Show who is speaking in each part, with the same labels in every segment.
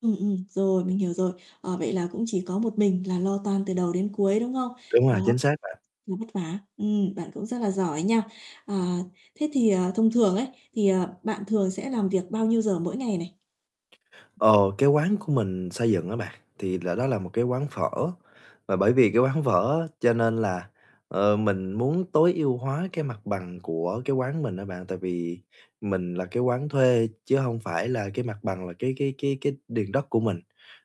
Speaker 1: Ừm, ừm, rồi, mình hiểu rồi. Ờ, vậy là cũng chỉ có một mình là lo toan từ đầu đến cuối, đúng Không?
Speaker 2: Đúng rồi,
Speaker 1: Đó,
Speaker 2: chính xác bạn.
Speaker 1: ừ, vất vả ừm, bạn cũng rất là giỏi nha. À, thế thì, à, thông thường ấy, thì, ờ, bạn thường sẽ làm việc bao nhiêu giờ mỗi ngày này?
Speaker 2: Ờ, cái quán của mình xây dựng á bạn thì là đó là một cái quán phở, và bởi vì cái quán phở á, cho nên là, ờ, mình muốn tối ưu hóa cái mặt bằng của cái quán mình á bạn. Tại vì mình là cái quán thuê chứ hông phải là cái mặt bằng là cái cái cái cái điền đất của mình,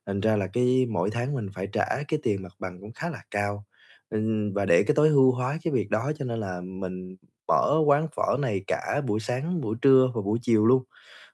Speaker 2: thành ra là cái mỗi tháng mình phải trả cái tiền mặt bằng cũng khá là cao, ừm, và để cái tối ưu hóa cái việc đó cho nên là mình mở quán phở này cả buổi sáng, buổi trưa và buổi chiều luôn.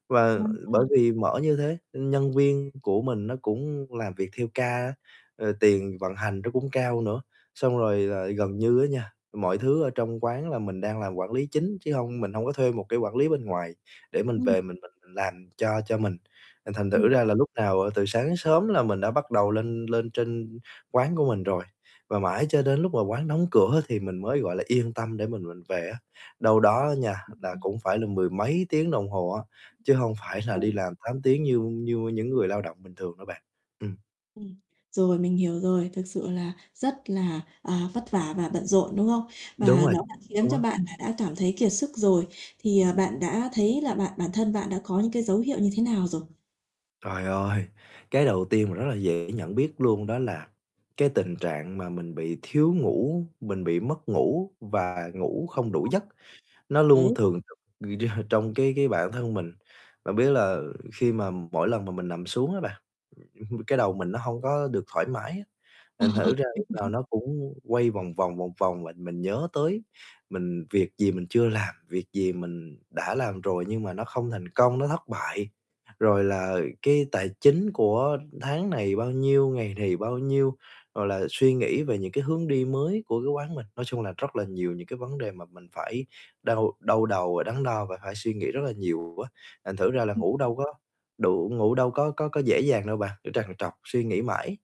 Speaker 2: Và
Speaker 1: Đúng
Speaker 2: bởi
Speaker 1: rồi.
Speaker 2: vì mở như thế, ưm, nhân viên của mình nó cũng làm việc theo ca á, ờ, tiền vận hành nó cũng cao nữa, xong rồi là gần như á nha, mọi thứ ở trong quán là mình đang làm quản lý chính, chứ hông mình hông có thuê một cái quản lý bên ngoài, để mình về
Speaker 1: Ừm.
Speaker 2: mình mình làm cho cho mình. Là thành thử
Speaker 1: Ừm.
Speaker 2: ra là lúc nào, ờ, từ sáng đến sớm là mình đã bắt đầu lên lên trên quán của mình rồi, và mãi cho đến lúc mà quán đóng cửa thì mình mới, gọi là, yên tâm để mình mình về á, đâu đó á nha, là
Speaker 1: Ừm.
Speaker 2: cũng phải là mười mấy tiếng đồng hồ á, chứ hông phải là
Speaker 1: Chuẩn.
Speaker 2: đi làm 8 tiếng như như những người lao động bình thường đâu bạn. Ừm.
Speaker 1: Ừm, rồi mình hiểu rồi, thực sự là rất là, à, vất vả và bận rộn, đúng không?
Speaker 2: Đúng
Speaker 1: Và
Speaker 2: rồi
Speaker 1: nó đã khiến
Speaker 2: luôn
Speaker 1: cho
Speaker 2: á.
Speaker 1: bạn là đã cảm thấy kiệt sức rồi, thì, ờ, bạn đã thấy là bạn bản thân bạn đã có những cái dấu hiệu như thế nào rồi?
Speaker 2: Trời ơi, cái đầu tiên mà rất là dễ nhận biết luôn đó là cái tình trạng mà mình bị thiếu ngủ, mình bị mất ngủ và ngủ không đủ giấc,
Speaker 1: [unintelligible]
Speaker 2: nó luôn
Speaker 1: Đấy.
Speaker 2: thường trực trong cái cái bản thân mình. Bạn biết là khi mà mỗi lần mà mình nằm xuống á bạn, ừm, cái đầu mình nó hông có được thoải mái á,
Speaker 1: Ờ,
Speaker 2: thành
Speaker 1: ờ,
Speaker 2: thử ra
Speaker 1: mình
Speaker 2: lúc nào
Speaker 1: hiểu.
Speaker 2: nó cũng quay vòng vòng, vòng vòng. Và mình nhớ tới mình việc gì mình chưa làm, việc gì mình đã làm rồi nhưng mà nó không thành công, nó thất bại, rồi là cái tài chính của tháng này bao nhiêu, ngày này bao nhiêu, rồi là suy nghĩ về những cái hướng đi mới của cái quán mình. Nói chung là rất là nhiều những cái vấn đề mà mình phải đau đau đầu và đắn đo, và phải suy nghĩ rất là nhiều á, thành thử ra là
Speaker 1: Ừm.
Speaker 2: ngủ đâu có đủ, ngủ đâu có có có dễ dàng đâu bạn, cứ trằn trọc suy nghĩ mãi.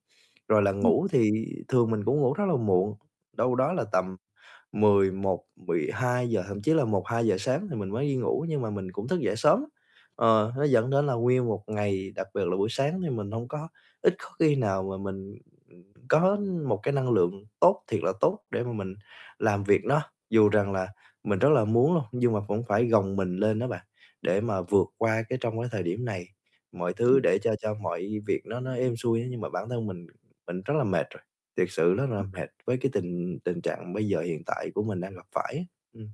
Speaker 2: Rồi là
Speaker 1: Ừm.
Speaker 2: ngủ thì thường mình cũng ngủ rất là muộn, đâu đó là tầm 11:00-12:00, thậm chí là 1:00-2:00 sáng thì mình mới đi ngủ, nhưng mà mình cũng thức dậy sớm lắm. Ờ, nó dẫn đến là nguyên một ngày, đặc biệt là buổi sáng thì mình hông có ít có khi nào mà mình, ừm, có một cái năng lượng tốt thiệt là tốt để mà mình làm việc nó dù
Speaker 1: Ừm.
Speaker 2: rằng là mình rất là muốn luôn, nhưng mà cũng phải gồng mình lên đó bạn, để mà vượt qua cái trong cái thời điểm này, mọi
Speaker 1: Thì
Speaker 2: thứ để cho cho mọi việc nó nó êm xuôi á, nhưng mà bản thân mình mình rất là mệt rồi, thiệt sự rất là
Speaker 1: Ừm.
Speaker 2: mệt với cái tình tình trạng bây giờ hiện tại của mình đang gặp phải á, ừm.